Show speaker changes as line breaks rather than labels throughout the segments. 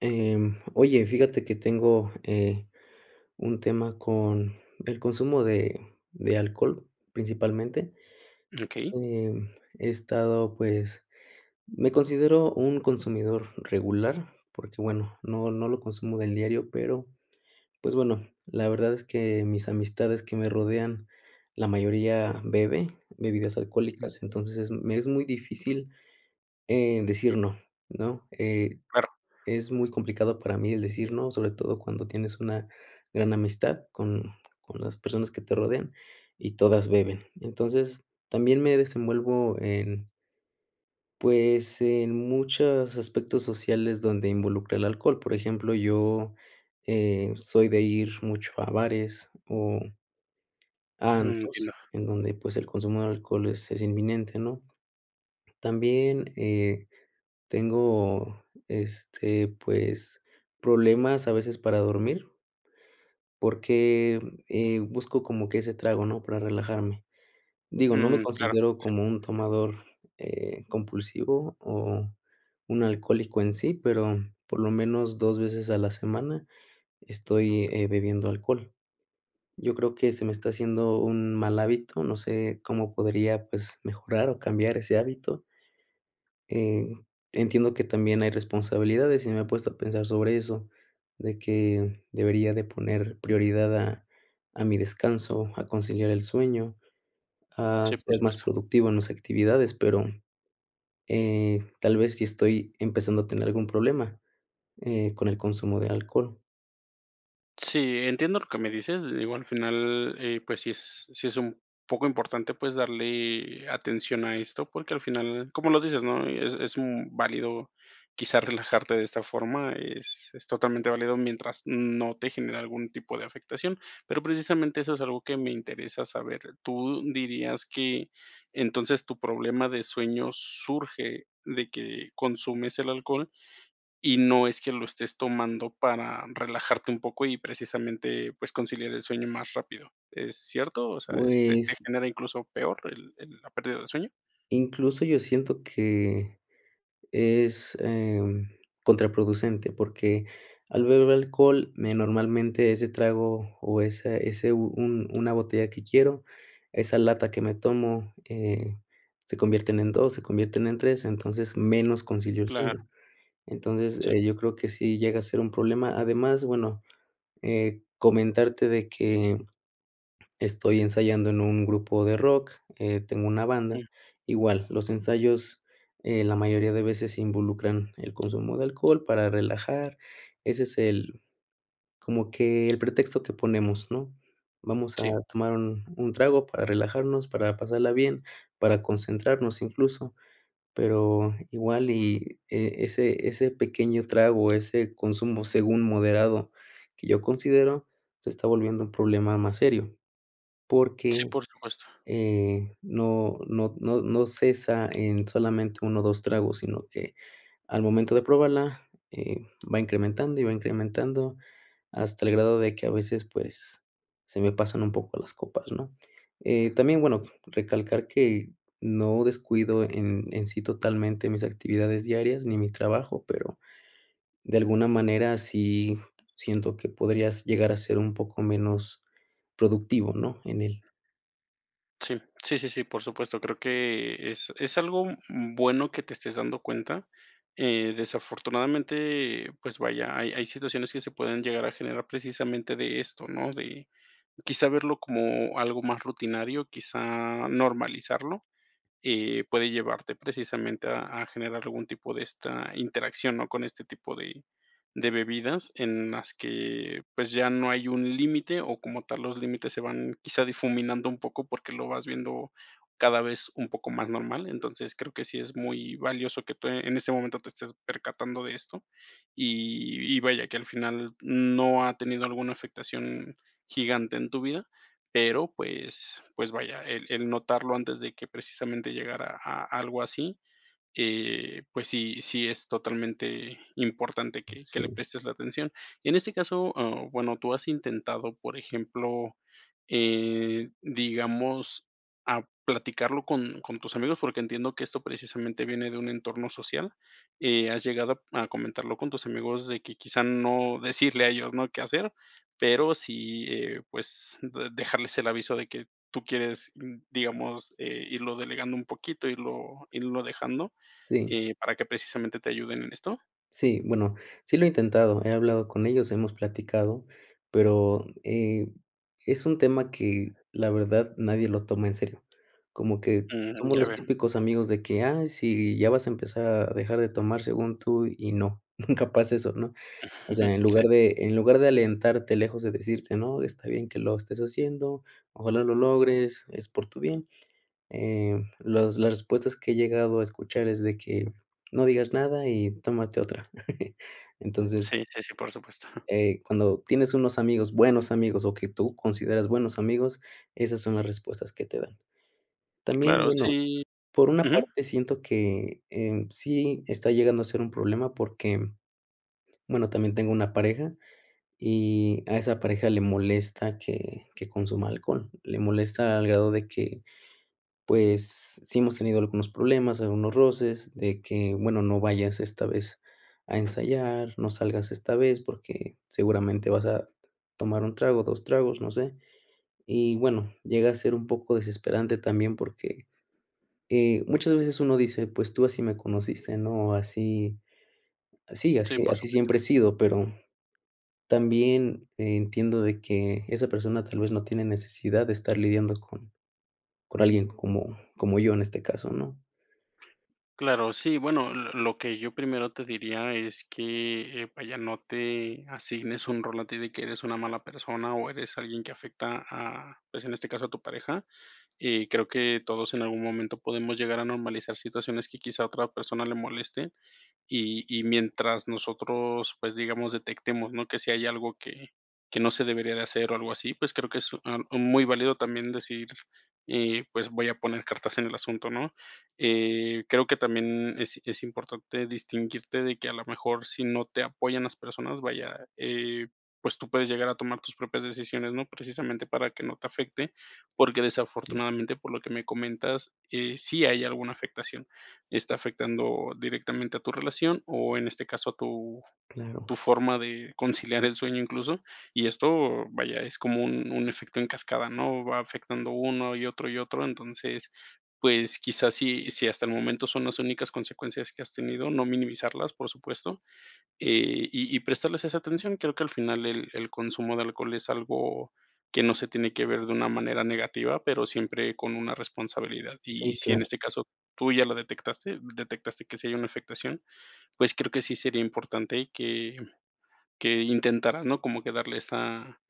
Eh, oye, fíjate que tengo, eh, un tema con el consumo de de alcohol, principalmente.
Okey.
Em, he estado, pues, me considero un consumidor regular porque, bueno, no no lo consumo del diario, pero, pues, bueno, la verdad es que mis amistades que me rodean, la mayoría bebe bebidas alcohólicas,
Ujú.
entonces, es me es muy difícil, eh, decir no, ¿no?, eh,
Claro.
es muy complicado para mí el decir no, sobre todo cuando tienes una gran amistad con con las personas que te rodean, y todas beben. Entonces, también me desenvuelvo en pues, en muchos aspectos sociales donde involucra el alcohol. Por ejemplo, yo, eh, soy de ir mucho a bares o a
Ujú,
antros,
entiendo.
en donde, pues, el consumo de alcohol es es inminente, ¿no? También, eh, tengo, este, pues, problemas a veces para dormir porque, eh, busco como que ese trago, ¿no?, para relajarme. Digo, no me
Mm, claro. Sí.
considero como un tomador, eh, compulsivo o un alcohólico en sí, pero, por lo menos, 2 veces a la semana estoy, eh, bebiendo alcohol. Yo creo que se me está haciendo un mal hábito, no sé, cómo podría, pues, mejorar o cambiar ese hábito. Eh, entiendo que también hay responsabilidades y me he puesto a pensar sobre eso, de que debería de poner prioridad a a mi descanso, a conciliar el sueño, a
Sí, por
ser más
supuesto.
productivo en las actividades, pero, eh, tal vez sí estoy empezando a tener algún problema, eh, con el consumo del alcohol.
Sí, entiendo lo que me dices, digo al final eh, pues si es si es un poco importante, pues darle atención a esto, porque, al final, como lo dices, ¿no? Es es, mm, válido quizás relajarte de esta forma, es es totalmente válido mientras no te genere algún tipo de afectación, pero, precisamente eso es algo que me interesa saber, ¿tú dirías que entonces tu problema de sueño surge de que consumes el alcohol? Y no es que lo estés tomando para relajarte un poco y precisamente, pues, conciliar el sueño más rápido, ¿es cierto? O sea, te, ¿te
Pues
genera incluso peor el la pérdida del sueño?
Incluso yo siento que es, em, contraproducente, porque, al beber alcohol, me normalmente ese trago, o esa ese, un una botella que quiero, esa lata que me tomo, eh, se convierten en 2, se convierten en 3, entonces, menos concilio el
Claro
sueño, entonces,
Sí.
eh, yo creo que sí llega a ser un problema, además, bueno, eh, comentarte de que estoy ensayando en un grupo de rock, eh, tengo una banda.
Mm.
Igual los ensayos en la mayoría de veces se involucran el consumo de alcohol para relajar, ese es el como que el pretexto que ponemos, ¿no? Vamos a
Si
tomar 1, trago para relajarnos, para pasarla bien, para concentrarnos incluso, pero, igual y ese ese pequeño trago, ese consumo según moderado, que yo considero se está volviendo un problema más serio, porque,
Sí, por supuesto.
eh, no no no no cesa en solamente, 1 o 2, tragos, sino que al momento de probarla, eh, va incrementando y va incrementando, hasta el grado de que a veces, pues, se me pasan un poco las copas, ¿no? Eh, también, bueno, recalcar que no descuido en en sí totalmente mis actividades diarias, ni mi trabajo, pero, de alguna manera, sí siento que podrías llegar a ser un poco menos productivo, ¿no? En él.
Sí, sí, sí, por supuesto, creo que es es algo bueno que te estés dando cuenta. Eh, desafortunadamente, pues vaya, hay hay situaciones que se pueden llegar a generar precisamente de esto, ¿no? De quizá, verlo como algo más rutinario, quizá normalizarlo, eh, puede llevarte precisamente a a generar algún tipo de esta interacción, ¿no? Con este tipo de de bebidas en las que, pues, ya no hay un límite, o como tal los límites se van quizá difuminando un poco, porque, lo vas viendo cada vez un poco más normal. Entonces, creo que sí es muy valioso que te en este momento te estés percatando de esto y y vaya, que al final no ha tenido alguna afectación gigante en tu vida, pero, pues pues, vaya, el el notarlo antes de que precisamente llegara a algo así, que pues, si si es totalmente importante que que le
Sí.
prestes la atención. En este caso, ah, bueno, tú has intentado, por ejemplo, eh, digamos, ah, platicarlo con con tus amigos, porque, entiendo que esto precisamente viene de un entorno social. Eh, ¿has llegado a comentarlo con tus amigos?, de que quizá, no decirle a ellos no qué hacer, pero, sí, eh, pues, dejarles el aviso de que tú quieres, digamos, eh, irlo delegando un poquito, irlo irlo dejando,
Si.
eh, para que precisamente te ayuden en esto.
Si, bueno, si lo he intentado, he hablado con ellos, hemos platicado, pero, eh, es un tema que la verdad nadie lo toma en serio. Como que
Mm,
somos
ya
los
veo.
típicos amigos de que: "Ay, sí, ya vas a empezar a dejar de tomar según tú y no, nunca pasa eso" ¿no? O sea, en
Sí.
lugar de en lugar de alentarte lejos de decirte: "No, está bien que lo estés haciendo, ojalá lo logres es por tu bien". Eh, los las respuestas que he llegado a escuchar es de que: "No digas nada y tómate otra". Entonces
Sí, sí, sí, por supuesto.
eh, cuando tienes unos amigos, buenos amigos, o que tú consideras buenos amigos, esas son las respuestas que te dan. También
Claro,
bueno,
si.
por una
Ujú.
parte siento que en sí está llegando a ser un problema, porque, bueno, también tengo una pareja y a esa pareja le molesta que que consuma alcohol. Le molesta al grado de que, pues, sí hemos tenido algunos problemas, algunos roces, de que: "Bueno, no vayas esta vez a ensayar, no salgas esta vez, porque, seguramente, vas a tomar 1, trago, 2, tragos", no sé, y bueno, llega a ser un poco desesperante también, porque, muchas veces, eh, uno dice: "Pues, tú así me conociste" ¿no? Así así
Sí,
así
por
así
supuesto.
siempre he sido, pero, también entiendo de que esa persona, tal vez, no tiene necesidad de estar lidiando con con alguien como como yo, en este caso, ¿no?
Claro sí, bueno, l lo que yo primero te diría es que, eh, vaya, no te asignes un rol a ti de que eres una mala persona, o eres alguien que afecta, ah, pues, en este caso a tu pareja. Eh, creo que todos en algún momento podemos llegar a normalizar situaciones que quizá a otra persona le moleste y y mientras nosotros, pues, digamos, detectemos, ¿no? Que si hay algo que que no se debería de hacer o algo así, pues, creo que es, ah, muy válido también decir y pues, voy a poner cartas en el asunto, ¿no? Eh, creo que también es es importante distinguirte de que a lo mejor, si no te apoyan las personas, vaya, eh, pues, tú puedes llegar a tomar tus propias decisiones, ¿no? Precisamente para que no te afecte, porque,
Si.
desafortunadamente, por lo que me comentas, eh, sí hay alguna afectación. Está afectando directamente a tu relación, o en este caso a tu
Claro.
tu forma de conciliar el sueño incluso, y esto, vaya, es como un un efecto en cascada, ¿no? Va afectando uno, y otro, y otro, entonces, pues, quizás si si hasta el momento son las únicas consecuencias que has tenido, no minimizarlas, por supuesto, eh, y y prestarles esa atención. Creo que al final el el consumo de alcohol es algo que no se tiene que ver de una manera negativa, pero siempre con una responsabilidad, y
Si,
si en
claro.
este caso tú ya la detectaste detectaste que sí hay una afectación, pues, creo que sí sería importante que que intentaras, ¿no? Como que darle esa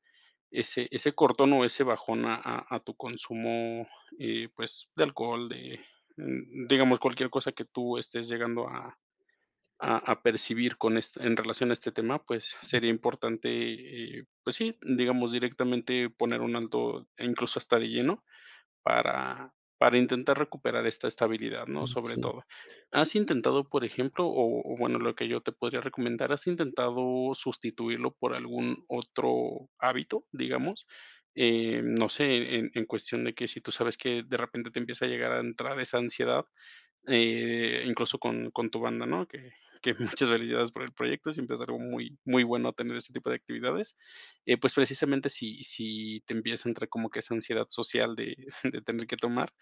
ese ese cortón, o ese bajón a a tu consumo, eh, pues, de alcohol, de d mm, digamos cualquier cosa que tú estés llegando a a percibir con este en relación a este tema, pues, sería importante, eh, pues sí, digamos directamente poner un alto, incluso hasta de lleno, para para intentar recuperar esta estabilidad, ¿no?
Mm,
Sobre
si.
todo, ¿has intentado, por ejemplo? O-o bueno, lo que yo te podría recomendar, ¿has intentado sustituirlo por algún otro hábito? Digamos, eh, no sé, en en cuestión de que si tú sabes que de repente te empieza a llegar a entrar esa ansiedad, eh, incluso con con tu banda, ¿no? Que que muchas felicidades por el proyecto, siempre es algo muy muy bueno tener ese tipo de actividades, eh, pues precisamente, si si te empieza a entrar como que esa ansiedad social de de tener que tomar,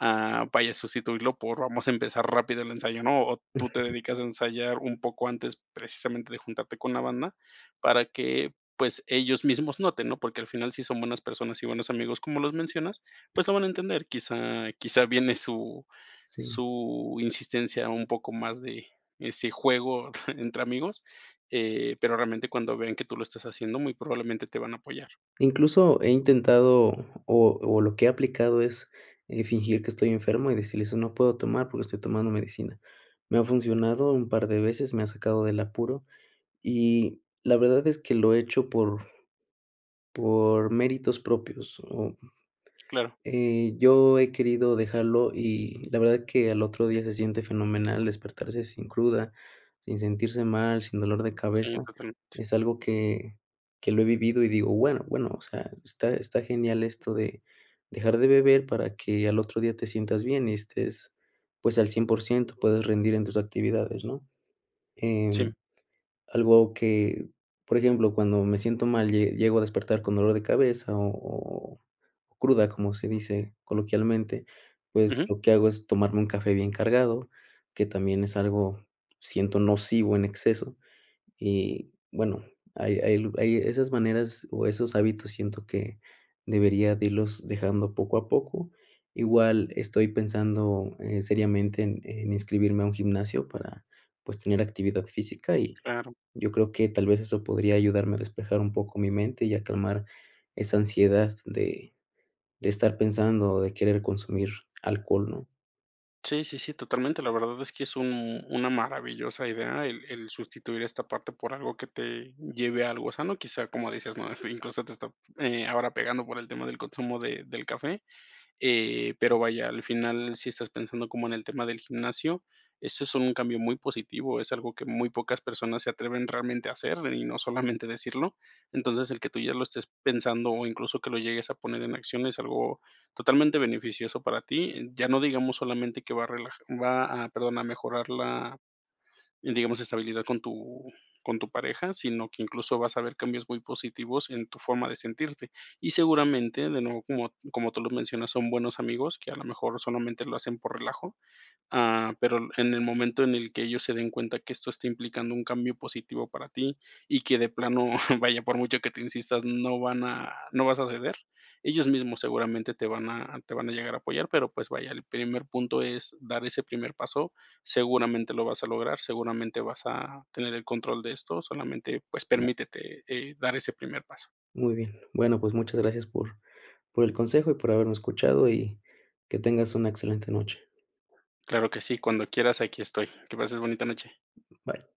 ah, vaya, sustituirlo por vamos a empezar rápido el ensayo, ¿no? O tú te dedicas a ensayar un poco antes precisamente de juntarte con la banda, para que, pues, ellos mismos noten, ¿no? Porque, al final si son buenas personas y buenos amigos, como los mencionas, pues lo van a entender. Quizá quizá viene su
Si.
su su insistencia un poco más de ese juego entre amigos, eh, pero, realmente, cuando vean que tú lo estás haciendo, muy probablemente te van a apoyar.
Incluso, he intentado o o lo que he aplicado es fingir que estoy enfermo y decirles: "No puedo tomar, porque, estoy tomando medicina". Me ha funcionado un par de veces, me ha sacado del apuro y la verdad es que lo he hecho por por méritos propios, oh,
Claro.
eh, yo he querido dejarlo y la verdad es que al otro día se siente fenomenal despertarse sin cruda, sin sentirse mal, sin dolor de
Sí,
cabeza,
totalmente.
es algo que que lo he vivido y digo, bueno bueno, o sea, está está genial esto de de dejar de beber, para que al otro día te sientas bien y estés, pues, al 100%, puedes rendir en tus actividades, ¿no?
Sí.
Em, algo que, por ejemplo, cuando me siento mal, llego a despertar con dolor de cabeza o o cruda, como se dice coloquialmente, pues,
Ujú.
lo que hago es tomarme un café bien cargado, que también es algo siento nocivo en exceso y bueno, hay hay hay esas maneras, o esos hábitos siento que debería de irlos dejando poco a poco. Igual estoy pensando, eh, seriamente en en inscribirme a un gimnasio para, pues, tener actividad física y
Claro.
y yo creo que, tal vez, eso podría ayudarme a despejar un poco mi mente y a calmar esa ansiedad de de estar pensando, de querer consumir alcohol, ¿no?
Sí, sí, sí, totalmente. La verdad es que es un una maravillosa idea, el el sustituir esta parte por algo que te lleve a algo sano, quizá, como dices, ¿no?, incluso te está, eh, ahora pegando por el tema del consumo de del café. Eh, pero vaya, al final, si estás pensando como en el tema del gimnasio, eso es un cambio muy positivo, es algo que muy pocas personas se atreven realmente a hacer, y no solamente decirlo. Entonces, el que tú ya lo estés pensando o incluso que lo llegues a poner en acción es algo totalmente beneficioso para ti, ya no digamos solamente que va a relaja va a perdón, a mejorar la, digamos, estabilidad con tu con tu pareja, sino que incluso vas a ver cambios muy positivos en tu forma de sentirte. Y seguramente, de nuevo, como como tú lo mencionas, son buenos amigos, que a lo mejor solamente lo hacen por relajo. Ah, pero, en en el momento en el que ellos se den cuenta, que esto está implicando un cambio positivo para ti, y que de plano, vaya, por mucho que te insistas, no van a no vas a ceder, ellos mismos seguramente te van a te van a llegar a apoyar, pero, pues, vaya, el primer punto es dar ese primer paso, seguramente lo vas a lograr, seguramente vas a tener el control de esto, solamente, pues, permítete, eh, dar ese primer paso.
Muy bien, bueno, pues, muchas gracias por por el consejo y por haberme escuchado, y que tengas una excelente noche.
Claro que sí, cuando quieras aquí estoy. Que pases bonita noche.
Bye.